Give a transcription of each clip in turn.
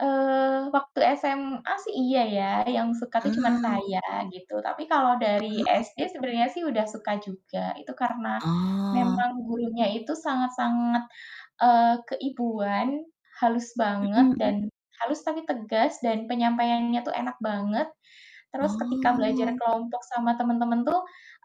Eee, waktu SMA sih iya ya, yang suka tuh cuman Ah. saya, gitu. Tapi kalau dari Heeh heeh. SD sebenarnya sih udah suka juga, itu karena Oh. memang gurunya itu sangat-sangat, eee, keibuan, halus banget Mhm dan mhm. halus tapi tegas, dan penyampaiannya tuh enak banget. Terus ketika belajar Oh. kelompok sama temen-temen tuh,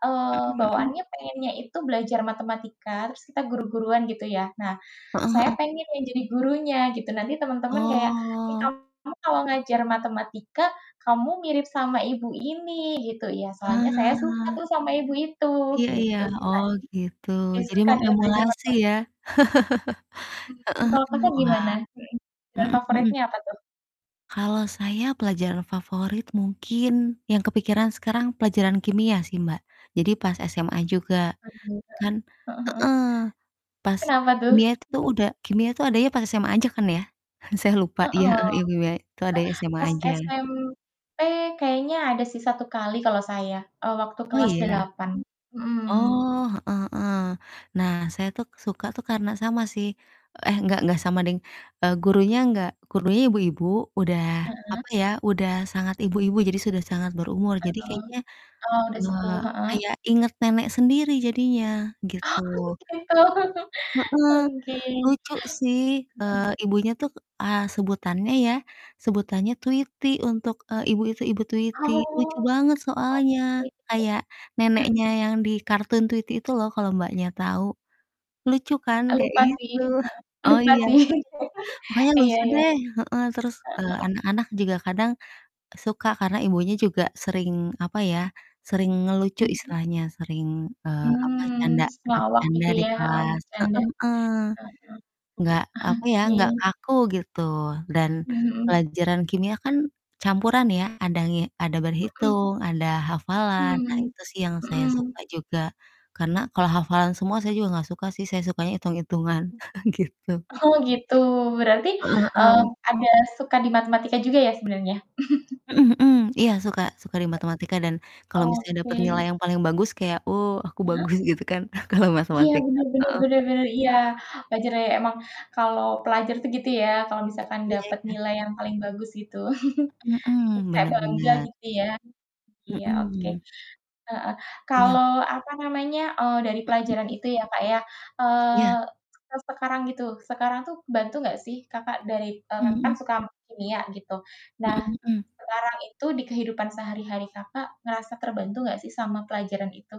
eee, Mhm mhm. bawaannya pengennya itu belajar matematika, terus kita guru-guruan gitu ya. Nah, Heeh saya heeh. pengen yang jadi gurunya gitu, nanti temen-temen kayak, "Ih, Oh. kamu kalau ngajar matematika, kamu mirip sama ibu ini," gitu. "Ya, soalnya saya suka Ah. tuh sama ibu itu," Iya iya, gitu sih, Kak, oh, gitu, jadi ya seru jadi kan ya belajar sama mengemulasi ya. partner. Mmm, Heeh kalau heeh, Kakak wah. gimana? Mhm, bidang Mhm mhm. favoritnya apa tuh? Kalau saya pelajaran favorit mungkin yang kepikiran sekarang pelajaran kimia sih, Mbak. Jadi pas SMA juga [unintelligible] Heeh. Heeh kan heeh. heeh, pas Kenapa tuh? kimia itu udah kimia itu adanya pas SMA aja kan ya? Saya lupa, iya, Heeh, heeh, ya kimia itu eh, adanya SMA pas aja. SMP kayaknya ada sih 1 kali kalau saya, eee, waktu Oh kelas iya? 8 Mhm. Oh, heeh heeh. Nah, saya tuh suka tuh karena sama sih eh gak gak sama deng, eee, gurunya gak gurunya ibu-ibu, udah, Heeh. apa ya, udah sangat ibu-ibu, jadi sudah sangat berumur. Jadi Heeh, kayaknya oh, udah nge sepuh, Heeh. kayak inget nenek sendiri jadinya gitu. Oh, gitu. Heeh. Oke. Lucu sih, Mhm. eee, ibunya tuh, eee, sebutannya ya, sebutannya Tweety untuk, eee, ibu itu, ibu Ah, Tweety. Lucu oh, banget soalnya. oke deh. Kayak neneknya yang di kartun Tweety itu loh kalo Mbaknya tau. Lucu kan, E kayak lupa sih, itu. heeh. Oh Lupa iya, sih. [unintelligible] makanya Iya lucu iya. deh, heeh. Terus, Heeh eee, heeh. anak-anak juga kadang suka karena ibunya juga sering, apa ya, sering ngelucu Mhm. istilahnya, sering, eee, apa, Mmm, canda s ngelawak bercanda gitu di ya, oh, kelas. bercanda, Heeh heeh. heeh. Enggak, Ok apa ya, enggak Oke. kaku, gitu. Dan Mhm. pelajaran kimia kan campuran ya, ada nge ada Mhm. berhitung, ada hafalan, nah, Mhm, itu sih yang saya mhm. suka juga. Karena kalau hafalan semua saya juga gak suka sih, saya sukanya itung-itungan, gitu. Mhm. Oh, gitu, berarti, Heeh mmm, heeh. ada suka di matematika juga ya sebenarnya? Mhm mhm, iya suka, suka di matematika dan kalau Ak misalnya dapet Oke. nilai yang paling bagus kayak, "Oh, aku Heeh. bagus," gitu kan, kalau Iya, matematika. bener bener Heeh. bener bener, iya. Wajar ya ya emang kalau pelajar itu gitu ya, kalau misalkan Iya dapet iya. nilai yang paling bagus gitu. Mhm Terus mhm, kayak bener bangga bener. gitu ya. Iya, oke. Mhm. Heeh, Iya. kalau, apa namanya, eee, dari Mhm pelajaran mhm. itu ya, Kak, ya, Iya. eee, sek sekarang itu sekarang itu bantu nggak sih Kakak dari eee, Mhm Kakak kan mhm. suka ama kimia, gitu. Mhm Nah, mhm. sekarang itu dikehidupan sehari-hari Kakak ngerasa terbantu enggak sih sama pelajaran itu?